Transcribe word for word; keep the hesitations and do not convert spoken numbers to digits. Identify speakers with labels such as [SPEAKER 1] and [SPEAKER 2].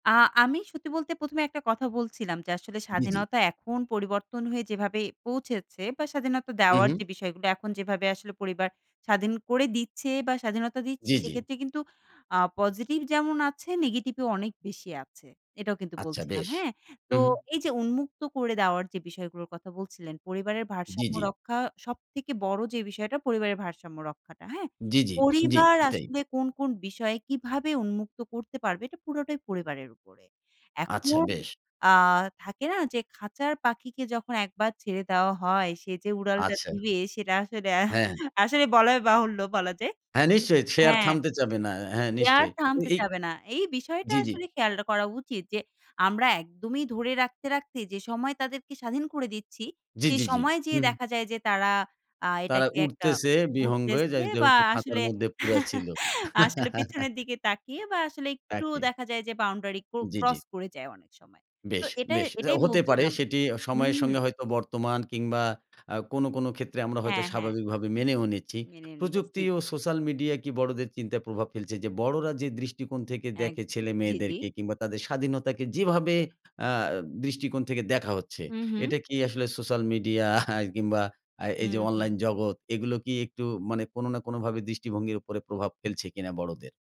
[SPEAKER 1] আ আমি সত্যি বলতে প্রথম এ একটা কথা বলছিলাম যে, আসলে
[SPEAKER 2] জ্বি, জ্বি।
[SPEAKER 1] স্বাধীনতা এখন পরিবর্তন হয়ে যেভাবে পৌঁছেছে বা স্বাধীনতা
[SPEAKER 2] হু,
[SPEAKER 1] দেওয়ার
[SPEAKER 2] হুম।
[SPEAKER 1] যে, বিষয় [unintelligible] এখন যেভাবে আসলে পরিবার স্বাধীন করে দিচ্ছে বা স্বাধীনতা দিচ্ছে
[SPEAKER 2] জ্বি, জ্বি।
[SPEAKER 1] সেক্ষেত্রে কিন্তু আ পজিটিভ যেমন আছে নেগেটিভও অনেক বেশি আছে। এটাও কিন্তু
[SPEAKER 2] আচ্ছা
[SPEAKER 1] বলছিলাম,
[SPEAKER 2] বেশ।
[SPEAKER 1] হ্যাঁ। তো
[SPEAKER 2] হু, হুম।
[SPEAKER 1] এই যে, উন্মুক্ত করে দেওয়ার যে, বিষয়গুলোর কথা বলছিলেন, পরিবারের
[SPEAKER 2] জ্বি,
[SPEAKER 1] ভারসাম্য
[SPEAKER 2] জ্বি।
[SPEAKER 1] রক্ষা সবথেকে বড় যে, বিষয়টা পরিবারের ভারসাম্য রক্ষাটা, হ্যাঁ।
[SPEAKER 2] জ্বি, জ্বি। জ্বি,
[SPEAKER 1] পরিবার
[SPEAKER 2] ঠিক তাই।
[SPEAKER 1] আসলে কোন, কোন বিষয় কীভাবে উন্মুক্ত করতে পারবেন, পুরোটাই পরিবারের উপরে।
[SPEAKER 2] আচ্ছা
[SPEAKER 1] এখন
[SPEAKER 2] বেশ।
[SPEAKER 1] আ থাকে না যে, খাঁচার পাখিকে যখন একবার ছেড়ে দেওয়া হয় সে যে, উড়ালটা
[SPEAKER 2] আচ্ছা।
[SPEAKER 1] দিবে সেটা আসলে
[SPEAKER 2] হ্যাঁ।
[SPEAKER 1] আসলে বলাই বাহুল্য বলা যায়।
[SPEAKER 2] হ্যাঁ, নিশ্চয়ই। সে আর
[SPEAKER 1] হ্যাঁ,
[SPEAKER 2] থামতে চাবে না। হ্যাঁ,
[SPEAKER 1] এ আর
[SPEAKER 2] নিশ্চয়ই। তো
[SPEAKER 1] থামতে
[SPEAKER 2] এই
[SPEAKER 1] চাবে না। এই বিষয়টা
[SPEAKER 2] জ্বি, জ্বি।
[SPEAKER 1] আসলে খেয়ালডা করা উচিত যে, আমরা একদমই ধরে রাখতে, রাখতে যে, সময় তাদেরকে স্বাধীন করে দিচ্ছি,
[SPEAKER 2] জ্বি,
[SPEAKER 1] সেই
[SPEAKER 2] জ্বি, জ্বি।
[SPEAKER 1] সময়ে যেয়ে
[SPEAKER 2] হুম।
[SPEAKER 1] দেখা যায় যে, তারা আ
[SPEAKER 2] তারা
[SPEAKER 1] এটাকে একটা
[SPEAKER 2] উড়তেছে বিহঙ্গে যাই
[SPEAKER 1] [unintelligible] বা
[SPEAKER 2] যেহেতু খাঁচার
[SPEAKER 1] আসলে
[SPEAKER 2] মধ্যে পুড়া ছিল।
[SPEAKER 1] আসলে পেছনের দিকে তাকিয়ে বা আসলে একটু
[SPEAKER 2] একই।
[SPEAKER 1] দেখা যায় যে, বাউন্ডারি ক্র
[SPEAKER 2] জ্বি,
[SPEAKER 1] ক্রস
[SPEAKER 2] জ্বি।
[SPEAKER 1] করে যায় অনেক সময়। তো
[SPEAKER 2] বেশ,
[SPEAKER 1] এটাই
[SPEAKER 2] বেশ। যাও
[SPEAKER 1] এটাই
[SPEAKER 2] হতে পারে
[SPEAKER 1] বলছিলাম।
[SPEAKER 2] সেটি
[SPEAKER 1] হু,
[SPEAKER 2] সময়ের সঙ্গে
[SPEAKER 1] হুম।
[SPEAKER 2] হয়তো বর্তমান কিংবা আ কোন, কোন ক্ষেত্রে আমরা হয়তো
[SPEAKER 1] হ্যাঁ, হ্যাঁ।
[SPEAKER 2] স্বাভাবিকভাবে মেনেও নিচ্ছি।
[SPEAKER 1] মেনে নিচ্ছি।
[SPEAKER 2] প্রযুক্তি
[SPEAKER 1] জ্বি।
[SPEAKER 2] ও সোসাল মিডিয়া কি বড়দের চিন্তায় প্রভাব ফেলছে যে, বড়রা যে, দৃষ্টিকোণ থেকে দেখে
[SPEAKER 1] একদম। জ্বি, জ্বি।
[SPEAKER 2] ছেলেমেয়েদেরকে কিংবা তাদের স্বাধীনতাকে যেভাবে আ দৃষ্টিকোণ থেকে দেখা হচ্ছে,
[SPEAKER 1] হু, হুম।
[SPEAKER 2] এটা কি আসলে সোশ্যাল মিডিয়া কিংবা আ
[SPEAKER 1] হু,
[SPEAKER 2] এই যে,
[SPEAKER 1] হুম।
[SPEAKER 2] অনলাইন জগৎ এগুলো কি একটু মানে কোন না কোনভাবে দৃষ্টিভঙ্গির উপরে প্রভাব ফেলছে কিনা বড়দের?